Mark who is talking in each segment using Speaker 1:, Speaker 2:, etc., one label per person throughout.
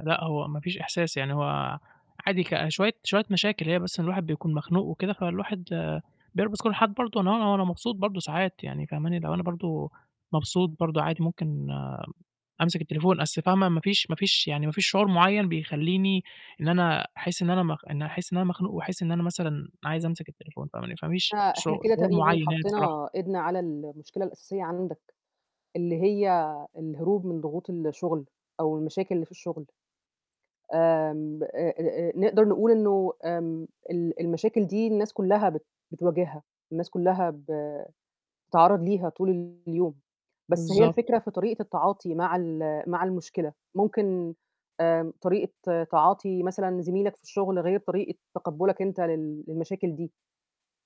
Speaker 1: لأ، هو ما فيش إحساس، يعني هو عادي ك شويّة شويّة مشاكل، هي بس إن الواحد بيكون مخنوق وكده، فالواحد [unintelligible] كل الحالات برضه، اللي هو وأنا مبسوط برضه ساعات يعني فاهماني، اللي هو أنا برضه مبسوط برضه عادي مُمكن آمم أمسِك التليفون، أصل فاهمة، ما فيش ما فيش يعني ما فيش شعور مُعيّن بيخلّيني إن أنا أحسّ إن أنا مخ إني أحسّ إن أنا مخنوق وأحسّ إن أنا مثلًا عايز أمسِك التليفون فاهماني، فمِش
Speaker 2: فإحنا
Speaker 1: شعو
Speaker 2: كده
Speaker 1: شعور
Speaker 2: تقريبًا،
Speaker 1: مُعيّن يعني بصراحة.
Speaker 2: حطّينا إيدنا على المشكلة الأساسية عندك، اللي هي الهروب من ضغوط الشُغل، أو المشاكل اللي في الشُغل. آمم، أ أ أ نقدر نقول إنه آمم، ال المشاكل دي الناس كُلّها بت بتواجِهها، الناس كُلّها ب بتتعرّض ليها طول ال اليوم، بس هي
Speaker 1: بالضبط.
Speaker 2: الفكرة في طريقة التعاطي مع ال مع المشكلة، ممكن آمم، طريقة تعاطي مثلًا، زميلَك في الشغل غير طريقة تقبُلَك أنت لل للمشاكل دي،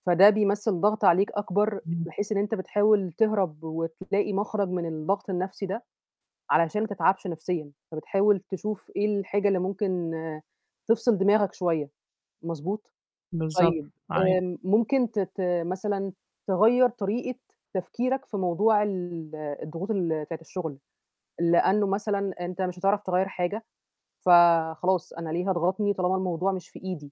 Speaker 2: فده بيمثّل ضغط عليك أكبر،
Speaker 1: امم.
Speaker 2: بحيث إن أنت بتحاول تهرب وتلاقي مَخرَج من الضغط النَفْسي ده، علشان ما تتعبش نَفْسيًا، فبتحاول تشوف إيه الحاجة اللي ممكن تفصل دِماغَك شويّة مضبوط؟
Speaker 1: بالضبط،
Speaker 2: طيّب
Speaker 1: عا
Speaker 2: آمم، ممكن ت ت مثلًا، تغيّر طريقة تفكيرك في موضوع ال الضغوط ال بتاعة الشُغل، لأنه مثلًا، أنت مش هتعرف تغيّر حاجة، فخلاص أنا ليه، هاضغطني طالما الموضوع مش في إيدي؟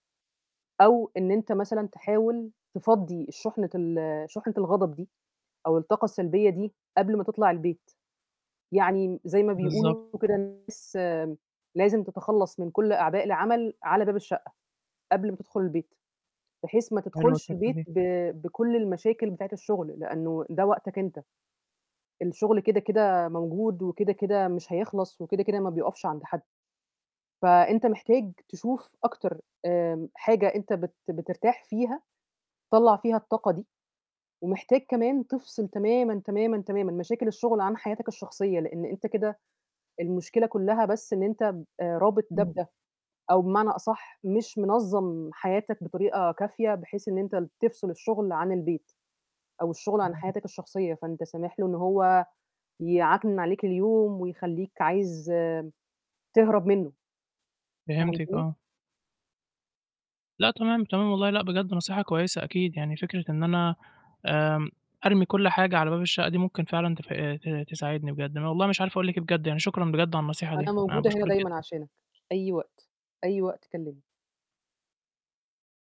Speaker 2: أو إن أنت مثلًا تحاول تفضّي الشُحنة ال شُحنة الغضب دي، أو الطاقة السلبية دي، قبل ما تطلع البيت. يعني م زي ما
Speaker 1: بالضبط.
Speaker 2: بيقولوا كده الناس آمم، "لازم تتخلّص من كل أعباء العمل، على باب الشقّة" قبل ما تدخُل البيت، بحيث ما
Speaker 1: حلوة
Speaker 2: تدخُلش
Speaker 1: الفكرة،
Speaker 2: البيت
Speaker 1: دي.
Speaker 2: ب بكل المشاكل بتاعة الشغل، لأنه ده وقتك أنت. الشغل كده، كده موجود وكده، كده مش هيخلص، وكده، كده ما بيُقفش عند حَدّ. فأنت محتاج تشوف أكتر آمم حاجة أنت بت بترتاح فيها، طلّع فيها الطاقة دي، ومحتاج كمان تفصل تمامًا، تمامًا، تمامًا مشاكل الشغل عن حياتك الشخصية، لأن أنت كده، المشكلة كُلّها بس إن أنت ب رابط ده
Speaker 1: امم.
Speaker 2: بده، أو بمعنى أصح مش منَظّم حياتك بطريقة كافية، بحيث إن أنت ال تفصل الشُغل عن البيت، أو الشُغل عن
Speaker 1: [unintelligible]
Speaker 2: حياتَك الشخصية، فأنت سامح له إنه هو يعكنِن عليك اليوم ويخلّيك عايز آمم، تهرب منه.
Speaker 1: فهمتِك،
Speaker 2: فهمتني؟
Speaker 1: آه. لأ، تمام، تمام، والله لأ، بجد نصيحة كويّسة أكيد، يعني فكرة إن أنا آمم، أرمي كل حاجة على باب الشقة دي مُمكن فعلًا تف ت تساعدني بجد. أنا والله مش عارف أقول لِك إيه بجد، يعني شكرًا بجد على النصيحة دي،
Speaker 2: أنا
Speaker 1: أنا
Speaker 2: موجودة هنا
Speaker 1: باشكُرِِك
Speaker 2: دايمًا
Speaker 1: جدًا.
Speaker 2: عشانك، أي وقت، أي وقت كلّمني.